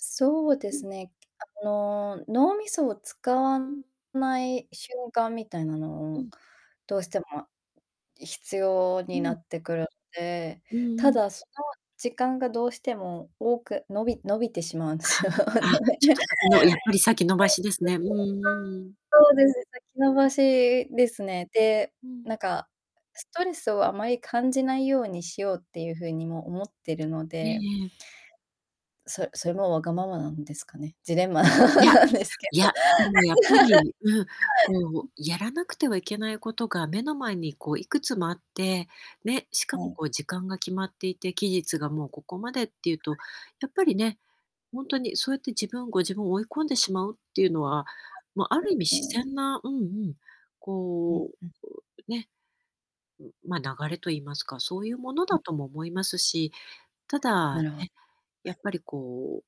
そうでうすん。ね。あの、脳みそを使わうん。ない瞬間みたいなのうを、ん。どうしても必要うになん。ってくるんで、うんうたん。だ、その時間がどうしても多く、伸び伸びてしまうんすよ。はい。あ、あ、ちょっと [unintelligible] 先の、やっぱり先延ばしですね、うんうんうんうん。そうです、先延ん。ばしですね。で、うん。なんかストレスをあまり感じないようにしようってゆう風にも思ってるのえでえええ。そそれも、わがままなんですかね、ジレンマ いや、なんですけいど。や、でもやっぱ り、うん、こう、やらなくてはいけないことが目の前に、こう、いくつもあって、ね、しかはも、い。こう、時間が決まっていて、期日がもうここまでっていうと、や [unintelligible] っぱりね、ほんとに、そうやって自分ご自分追い込んでしまうってゆうのは、ま、ある意味自 [unintelligible] 然な、うんうん、うんこうん。う、ね、ん、ま、流れと言いますか、そうゆうものうだん。とも思いますし、ただなね、るほはい。やっぱりこう、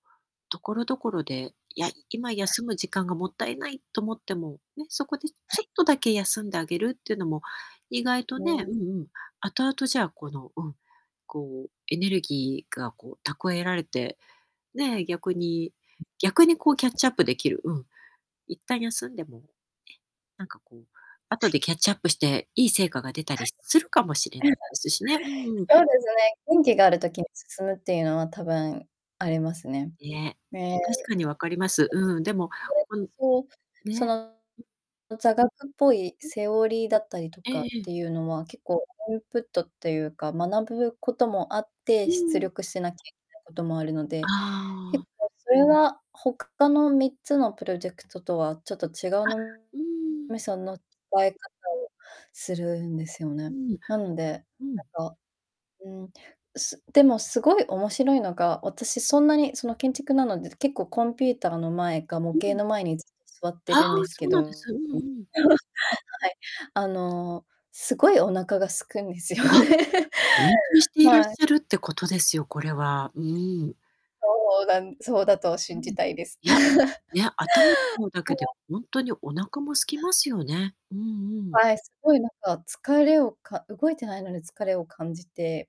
所々で、「いや、今、はい。休む時間がもったいない」と思っても、ね、そこではちょい。っとだけ休んであげるっていうのも、意外とね、ね。うんうん、後々、じゃあ、この、うん、こうエネルギーがこう蓄えられて、ね、逆に逆にこう、キャッチアップできる、うん、一旦休んでも、なんかこう、後はでい。キャッチアップして、いい成果が出たはりい。するかもしれないですしね。うんうん。そうですね、元う気ん。がある時に進むってゆうのは、多分ありますね。ね。め確かに、わかりま す。うん、でもそれ、うん、そう、そね。ん。の、座学っぽいうん。セオリーだったりとえかっえええ。てゆうのは、結構インプットってゆうか、学ぶこともあって、う出んうん。力しなきゃいけないこともあるので、ああ。結構それは、ほかの3つのプロジェクトとはちょっと違うあ、脳うーん。みその、使い方をするんですようね。ん。なので、うん。なんか、うーん、すでも、すごい面白いのが、私、そんなにその、建築なので、結構コンピューターの前か模う型ん。の前に、ずっと座ってああ、るんですけそうど、なうんでん、す、うんうん。はい、あのすごいお腹が空くんですよあ、ね。集中していらっはい。しゃるってことですよ、これは、うーん。そうなんそうだとう信ん。じたいです。いや、いや、頭使うだほけで、わ。ほんとにお腹も空きますよね。うんうん。はい、すごいなんか、疲れをか動いてないのに疲れを感じて